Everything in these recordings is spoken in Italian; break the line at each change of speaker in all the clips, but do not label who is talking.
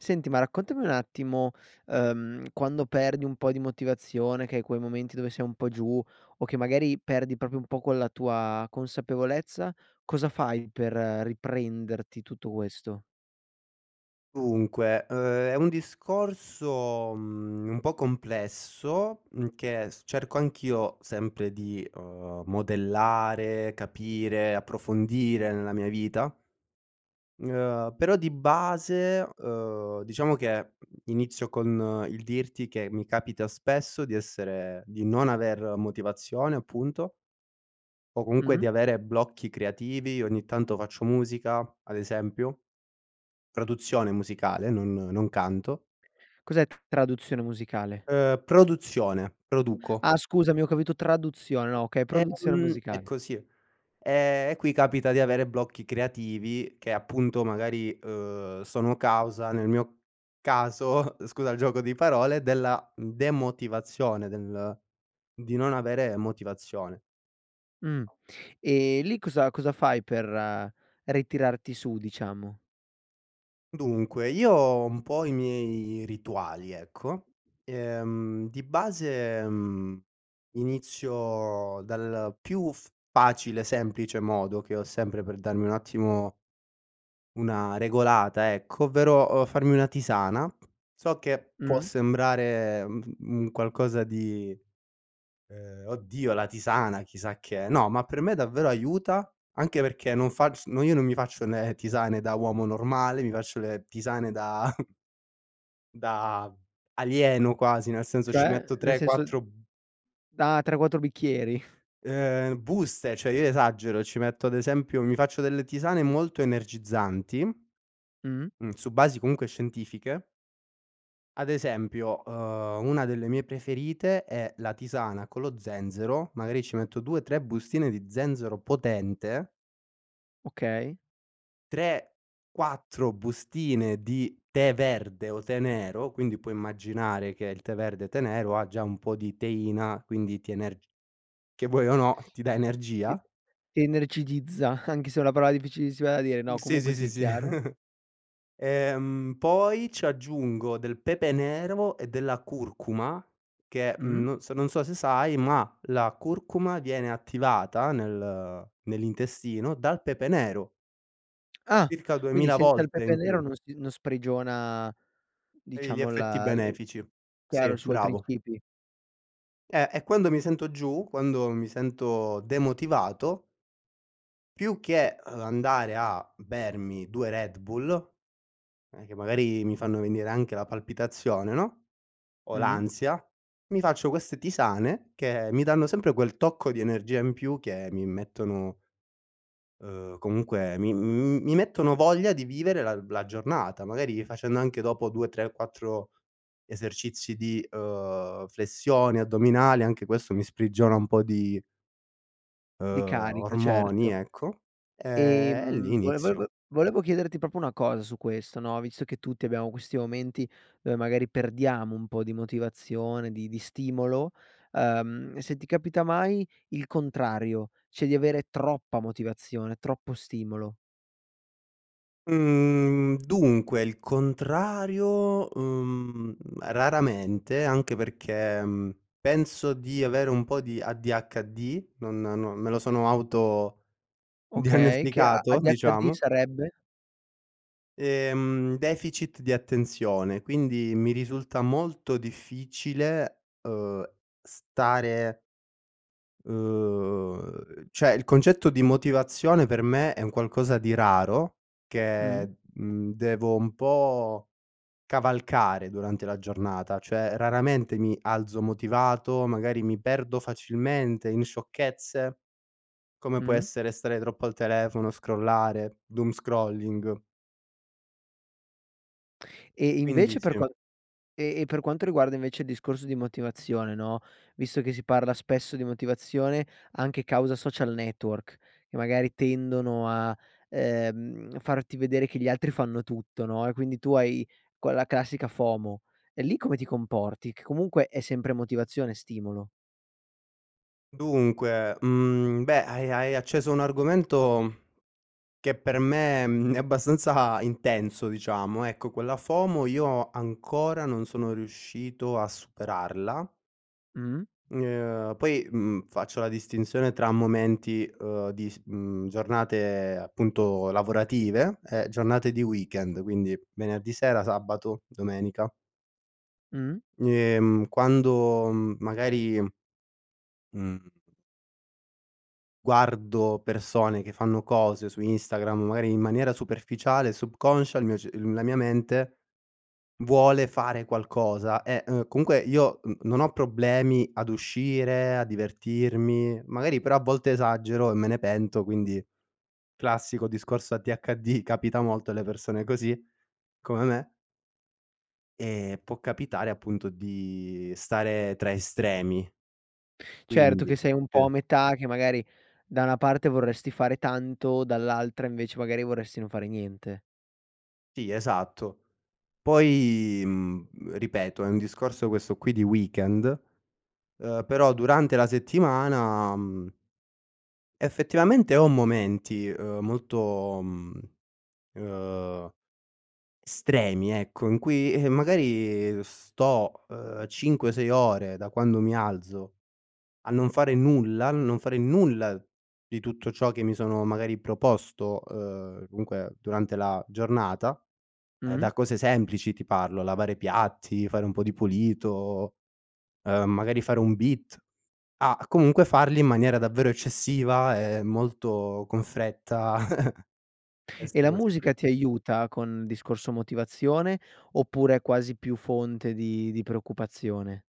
Senti ma raccontami un attimo, ehm, quando perdi un po' di motivazione che hai quei momenti dove sei un po' giù, o che magari perdi proprio un po' quella tua consapevolezza cosa fai per riprenderti tutto questo?
Dunque, ehm, è un discorso, mhmm, un po' complesso, mhmm, che s cerco anch'io sempre di, ehm, modellare, capire, approfondire nella mia vita, ehm, però di base, ehm, diciamo che, mhmm, inizio con il dirti che mi capita spesso di essere di non aver motivazione, appunto o comunque di
Mh-mh.
avere blocchi creativi. Ogni tanto faccio musica, ad esempio. Produzione musicale, non non canto.
Cos'è tu traduzione musicale?
Ehm, produzione. Produco.
Ah, scusami ho capito traduzione. No,
A
okay, produzione
ehm, è
musicale.
così. Ehm, e qui capita di avere blocchi creativi che appunto magari, ehm, sono causa nel mio caso, scusa il gioco di parole, della, mhmm, demotivazione del di non avere motivazione.
Mh. E lì cosa cosa fai per ritirarti su, diciamo?
Dunque, io ho un po' i miei rituali, ecco, ehm, di base, mhmm, inizio dal più f facile e semplice modo che ho sempre per darmi un attimo una regolata ecco, ovvero, uhm, farmi una tisana. So che può
Mh.
sembrare, mhmm, f un qualcosa di, uhm: "Oddio, la tisana, chissà che è." No, ma per me davvero aiuta, anche perché non facc no io non mi faccio le tisane da uomo normale, mi faccio le tisane da da alieno quasi, nel senso, ci
Cioè?
metto
Nel
tre,
senso
quattro b
da 3, 4 bicchieri?
uhm, buste. Cioè io esagero, ci metto ad esempio mi faccio delle tisane molto energizzanti, mhmm,
Mh-mh.
su basi comunque scientifiche ad esempio, uhm, una delle mie preferite è la tisana con lo zenzero, magari ci metto 2, 3 bustine di zenzero potente
Okay.
3, 4 bustine di tè verde o tè nero, quindi puoi immaginare che il tè verde, tè nero, ha già un po' di teina, quindi ti energi che vuoi o no ti dà
Ti
energia
ti energizza, anche se è una parola difficilissima da dire.
Mhmm,
No,
sì,
comunque
sì, sì,
sì,
sì.
chiaro.
Ehm, poi ci aggiungo del pepe nero e della curcuma che,
Mh-mh.
mhmm, no s non so se sai, ma la curcuma viene attivata nel nell'intestino, dal pepe nero.
Ah.
Circa
Quindi
2000
senza il
volte
pepe
in
nero,
più.
non si non sprigiona
Toglie gli
diciamo
effetti
la l
benefici. Sì,
chiaro, i suoi
bravo.
principi.
Eh, e quando mi sento giù, quando mi sento demotivato più che, uhm, andare a bermi 2 Red Bull, eh, che magari mi fanno venire anche la palpitazione, no, o
Mh-mh.
l'ansia, mi faccio queste tisane, che mi danno sempre quel tocco di energia in più, che mi mettono uhm, comunque mi mhmm, mi mettono voglia di vivere la la giornata. Magari facendo anche dopo 2, 3, 4 esercizi di, uhm, flessioni, addominali, anche questo mi sprigiona un po' di
Di
uhm,
carica,
ormoni,
certo.
ecco, ehm, e lì
Ehm, vole vol
inizio
vo volevo chiederti proprio una cosa su questo, no, visto che tutti abbiamo questi momenti, dove magari perdiamo un po' di motivazione, di di stimolo, uhm, se ti capita mai il contrario, cioè di avere troppa motivazione, troppo stimolo.
Mhmm, dunque il contrario, uhm, raramente, anche perché, mhmm, penso di avere un po' di ADHD, non no, me lo sono
Okay, che a
autodiagnosticato,
ADHD,
diciamo
sarebbe?
Ehm, deficit di attenzione, quindi mi risulta molto difficile, uhm, stare uhm, cioè, il concetto di motivazione per me è un qualcosa di raro,
Mh.
che, mhmm devo un po' cavalcare durante la giornata. Cioè raramente mi alzo motivato, magari mi perdo facilmente in sciocchezze. Come può
Mh.
essere stare troppo al telefono, scrollare, doomscrolling
E
quindi,
invece per
sì
qua e e per quanto riguarda invece il discorso di motivazione no, visto che si parla spesso di motivazione, anche causa social network, che magari tendono a, ehm, farti vedere che gli altri fanno tutto, no, e quindi tu hai quella classica FOMO, e lì come ti comporti? Che comunque è sempre motivazione, stimolo.
Dunque, mhmm, beh, hai hai hai acceso un argomento che per me, mhmm, è abbastanza intenso, diciamo. Ecco, quella FOMO io ancora non sono riuscito a superarla
Mh-mh.
n uhm, poi, mhmm, faccio la distinzione tra momenti, uhm, di s mhmm, giornate appunto lavorative e giornate di weekend, quindi venerdì sera, sabato, domenica
Mh.
ni ehm, quando, mhmm, magari mhmm guardo persone che fanno cose su Instagram, magari in maniera superficiale, subconscia, il mio cer uhm, la mia mente vuole fare qualcosa. E, uhm, comunque io n non ho problemi ad uscire, a divertirmi, magari però a volte esagero e me ne pento, quindi classico discorso ADHD, capita molto alle persone così, come me ehm, può capitare appunto di stare tra estremi.
Certo
Quindi
che sei un po' a
[unintelligible]
metà che magari da una parte vorresti fare tanto, dall'altra invece magari vorresti non fare niente.
Sì esatto, poi, mhmm, ripeto è un discorso questo qui di weekend, ehm, però durante la settimana, mhmm effettivamente ho momenti, ehm, molto, mhmm ehm, stremi ecco, in cui eh, magari sto, ehm, cinque, sei ore da quando mi alzo a non fare nulla, a non fare nulla, di tutto ciò che mi sono magari proposto, ehm, dunque durante la giornata, ehm
Mh-mh.
da cose semplici, ti parlo lavare piatti, fare un po' di pulito, ehm magari fare un beat, a comunque farli in maniera davvero eccessiva, e molto con fretta
E
queste
la
cose qui.
musica ti aiuta con discorso motivazione, oppure è quasi più fonte di di preoccupazione?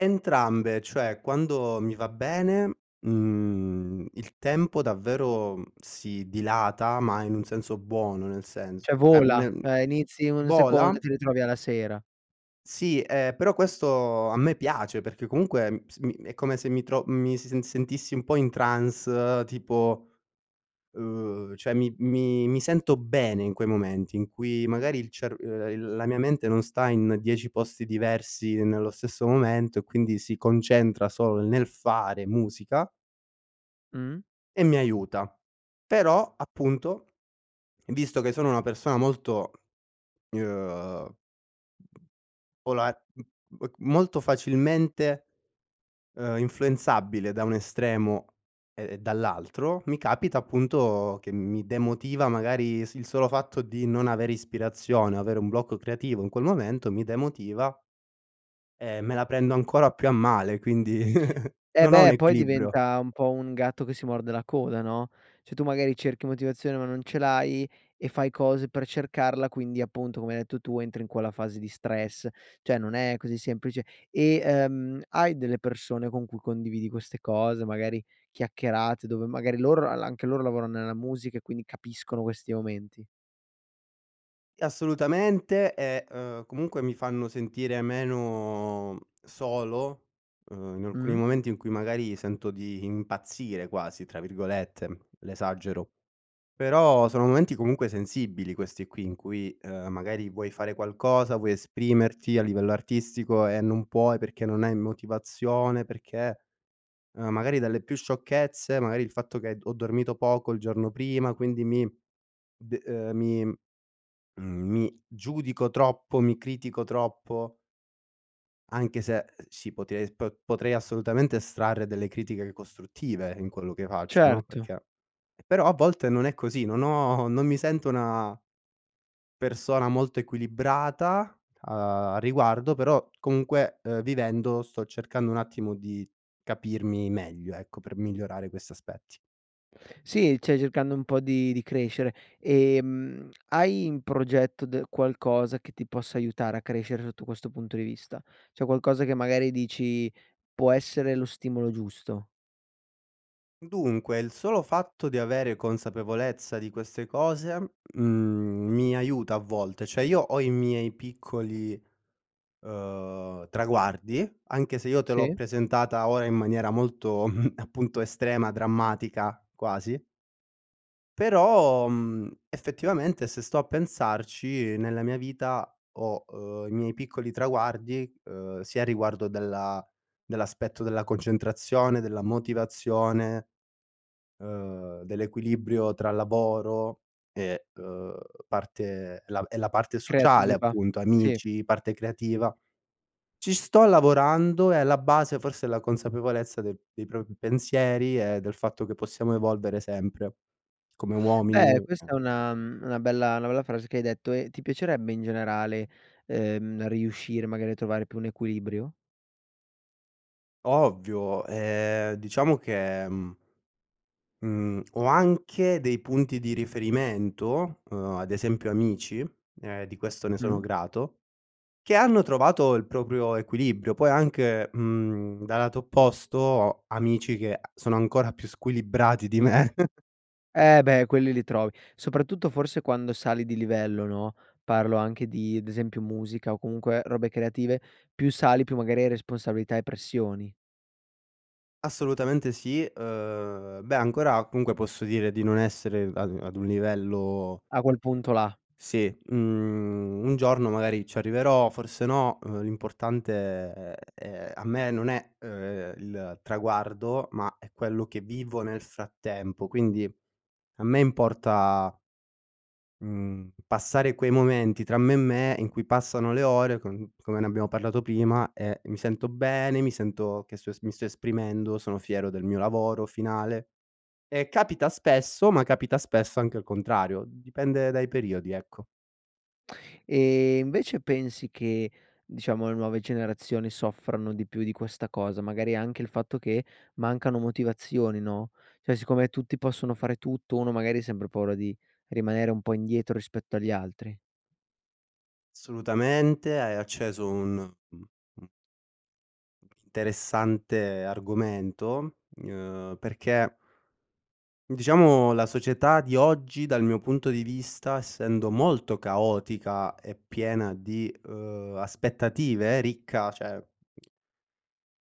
Entrambe, cioè quando mi va bene, mhmm, il tempo davvero si dilata, ma in un senso buono, nel senso
Cioè vola,
[unintelligible]
ehm, inizi un secondo
vola.
e ti ritrovi alla sera.
Sì, ehm, però questo a me piace, perché comunque s è come se mi tro mi s mi si sentissi un po' in trance, tipo, ehm, cioè mi mi mi sento bene in quei momenti in cui magari il cerv il la mia mente non sta in 10 posti diversi nello stesso momento, e quindi si concentra solo nel fare musica
Mh-mh.
e mi aiuta, però, appunto, visto che sono una persona molto, ehm [unintelligible] m molto facilmente, ehm influenzabile da un estremo e dall'altro, mi capita appunto che mi demotiva magari il s solo fatto di non avere ispirazione, o avere un blocco creativo in quel momento mi demotiva e me la prendo ancora più a male, quindi
Eh
non ho un
beh, poi
equilibrio.
diventa un po' un gatto che si morde la coda, no, cioè tu magari cerchi motivazione, ma non ce l'hai, e fai cose per cercarla, quindi appunto come hai detto tu, entri in quella fase di stress, cioè non è così semplice, e, ehm, hai delle persone con cui condividi queste cose, magari chiacchierate, dove magari loro la-la anche loro lavorano nella musica e quindi capiscono questi momenti?
Assolutamente, e, ehm, comunque mi fanno sentire meno solo, uhm, in alcuni
Mh.
momenti in cui magari sento di impazzire quasi tra virgolette, l'esagero. Però sono momenti comunque sensibili questi qui in cui, ehm, magari vuoi fare qualcosa, vuoi esprimerti a livello artistico e non puoi perché non hai motivazione, perché magari dalle più sciocchezze, magari il fatto che ho dormito poco il giorno prima, quindi mi de, ehm, mi, mhmm, mi giudico troppo, mi critico troppo anche se si pote po potrei assolutamente estrarre delle critiche costruttive in quello che faccio no,
Certo.
perché, però a volte non è così, non ho, non mi sento una persona molto equilibrata, a riguardo, però comunque vivendo sto cercando un attimo, di capirmi meglio ecco, per migliorare questi aspetti.
Sì, cioè cercando un po' di di crescere, ehm, hai in progetto d qualcosa che ti possa aiutare a crescere sotto questo punto di vista, cioè qualcosa che magari dici: "Può essere lo stimolo giusto."
Dunque il solo fatto di avere consapevolezza di queste cose, mhmm, mi aiuta a volte. Cioè, io ho i miei piccoli, uhm, traguardi, anche se io te l'ho
Sì.
presentata ora in maniera molto appunto estrema, drammatica quasi. Però, mhmm, effettivamente se sto a pensarci nella mia vita ho, uhm, i miei piccoli traguardi, uhm, sia riguardo della dell'aspetto della concentrazione, della motivazione, uhm, dell'equilibrio tra lavoro e, uhm, parte la e la parte sociale
Creativa.
appunto,
Sì.
amici, parte creativa. Ci sto lavorando, e la base forse è la consapevolezza del dei propri pensieri e del fatto che possiamo evolvere sempre, come uomini,.
Beh questa
[unintelligible]
è una, mhmm, una bella una bella frase che hai detto e ti piacerebbe in generale, uhm, riuscire magari a trovare più un equilibrio?
Ovvio, ehm, diciamo che, mhmm mhmm ho anche dei punti di riferimento, uhm, ad esempio amici, e di questo ne sono
Mh-mh.
grato, che hanno trovato il proprio equilibrio. Poi anche, mhmm, dal lato opposto ho amici che a sono ancora più squilibrati di me.
Eh beh quelli li trovi, soprattutto forse quando sali di livello no, parlo anche di, ad esempio, musica o comunque robe creative, più sali più magari hai responsabilità e pressioni.
Assolutamente sì. Ehm, beh ancora comunque posso dire di non essere ad ad un livello
A quel punto là.
Sì, mhmm, un giorno magari ci arriverò, forse no, ehm, l'importante è, ehm a me non è, ehm, il traguardo, ma è quello che vivo nel frattempo. Quindi a me importa mhmm, passare quei momenti tra me e me in cui passano le ore con come ne abbiamo parlato prima e mi sento bene, mi sento che so mi sto esprimendo, sono fiero del mio lavoro finale, e capita spesso, ma capita spesso anche il contrario, dipende dai periodi ecco.
Ehm, invece pensi che, diciamo, le nuove generazioni soffrano di più di questa cosa, magari anche il fatto che mancano motivazioni no, cioè siccome tutti possono fare tutto, uno magari ha sempre paura di rimanere un po' indietro rispetto agli altri.
Assolutamente. Hai acceso un, mh mhmm interessante argomento, ehm, perché diciamo la società di oggi, dal mio punto di vista, essendo molto caotica e piena di, ehm, aspettative, ricca cioè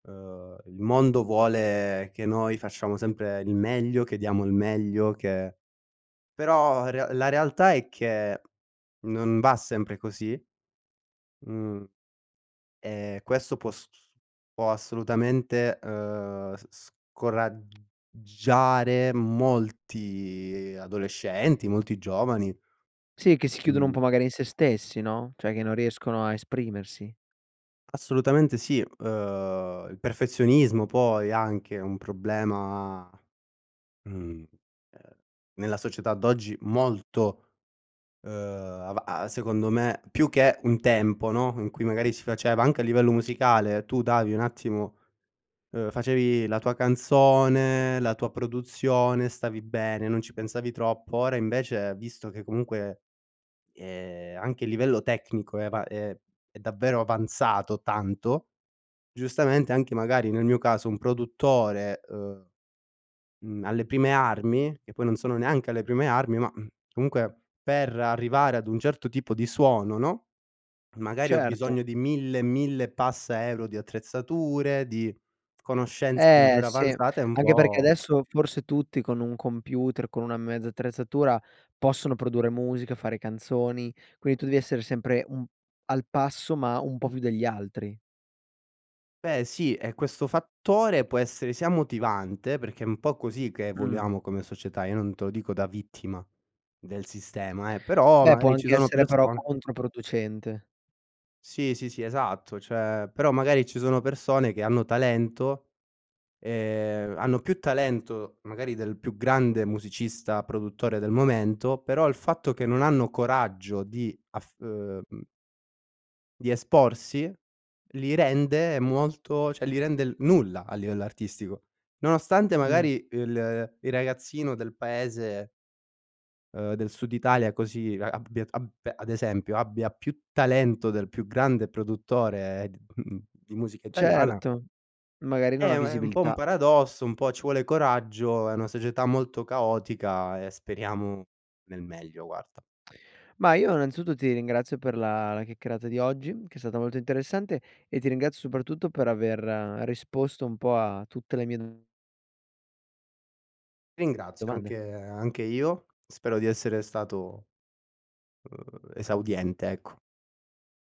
ehm, il mondo vuole che noi facciamo sempre il meglio, che diamo il meglio che però re la realtà è che non va sempre così. Mhmm, e questo può s s può assolutamente, ehm, s s scorag giare molti adolescenti, molti giovani.
Sì che si chiudono un
Mh.
po' magari in se stessi no, cioè che non riescono a esprimersi.
Assolutamente sì. Uhm, il perfezionismo, poi, anche è un problema, mhmm, ehm, nella società d'oggi molto, uhm, ava a secondo me più che un tempo, no, in cui magari si faceva anche a livello musicale tu davi un attimo, uhm, facevi la tua canzone, la tua produzione, stavi bene, non ci pensavi troppo, ora invece, visto che comunque, ehm, anche a livello tecnico è avan è è davvero avanzato tanto. Giustamente anche magari nel mio caso un produttore, uhm, mhmm, alle prime armi, che poi non sono neanche alle prime armi ma, mhmm, comunque per arrivare ad un certo tipo di suono, no, magari ho
Certo.
bisogno di 1000 e 1000 e passa euro di attrezzature, di conoscenze
Eh
davvero
sì,
avanzate e un
anche perché
po'
adesso forse tutti con un computer, con una mezza attrezzatura possono produrre musica, fare canzoni. Quindi tu devi essere sempre un al passo, ma un po' più degli altri.
Beh sì, e questo fattore può essere sia motivante, perché è un po' così che
Mh.
voliamo come società, io non te lo dico da vittima del sistema eh, però
Beh può
magari ci
anche
sono
essere però
persone
controproducente.
Sì sì sì esatto, cioè però magari ci sono persone che hanno talento, ehm, hanno più talento magari del più grande musicista, produttore, del momento, però il fatto che non hanno coraggio di af uhm, mhmm di esporsi, li rende molto cioè li rende il nulla a livello artistico. Nonostante
Mh.
magari il- il ragazzino del paese uhm, del sud Italia così a abbia t ab ad esempio, abbia più talento del più grande produttore d mhmm di musica italiana
Certo. Magari non ha
eh, ma è un po' un
visibilità.
paradosso, un po' ci vuole coraggio, è una società molto caotica e speriamo nel meglio, guarda.
Ma io innanzitutto ti ringrazio per la la chiacchierata di oggi che è stata molto interessante, e ti ringrazio soprattutto per aver risposto un po' a tutte le mie do
Ringrazio,
domande.
anche anche io. Spero di essere stato, uhm, esaudiente, ecco.